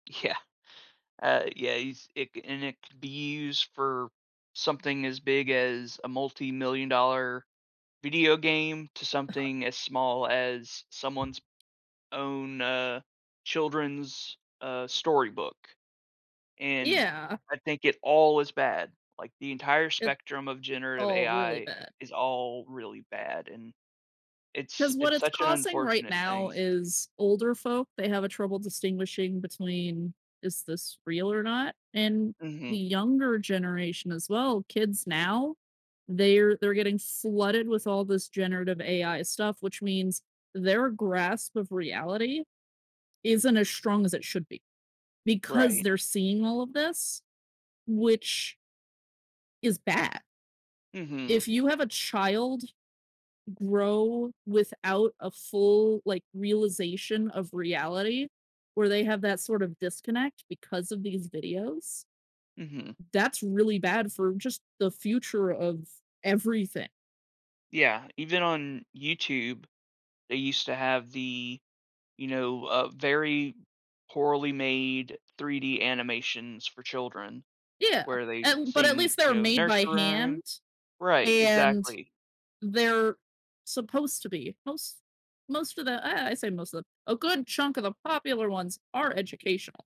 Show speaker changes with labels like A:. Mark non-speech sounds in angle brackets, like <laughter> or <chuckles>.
A: Yeah. Uh, yeah, he's it c and it could be used for something as big as a multimillion dollar video game to
B: <chuckles>
A: something as small as someone's own, uh, children's, uh, storybook, and
B: Yeah.
A: I think it all is bad, like, the entire
B: It
A: spectrum of generative
B: all really
A: AI
B: bad.
A: is all really bad, and, it's
B: 'Cause what
A: it's
B: it's
A: such an
B: causing right
A: unfortunate
B: now
A: thing.
B: is older folk, they have a trouble distinguishing between, "Is this real or not?" And
A: Mhm.
B: the younger generation as well, kids now, they're they're getting flooded with all this generative AI stuff, which means their grasp of reality isn't as strong as it should be. Because
A: Right.
B: they're seeing all of this, which is bad.
A: Mhm.
B: If you have a child grow without a full, like, realization of reality, where they have that sort of disconnect because of these videos
A: Mhm.
B: that's really bad for just the future of everything.
A: Yeah, even on YouTube, they used to have the, you know, uh, very poorly made 3D animations for children,
B: Yeah,
A: where they
B: and but at
A: sing,
B: least they're
A: you know,
B: made by
A: nursery rhyme
B: hand,
A: right,
B: and
A: exactly.
B: they're supposed to be most most of the I I say most of a good chunk of the popular ones are educational.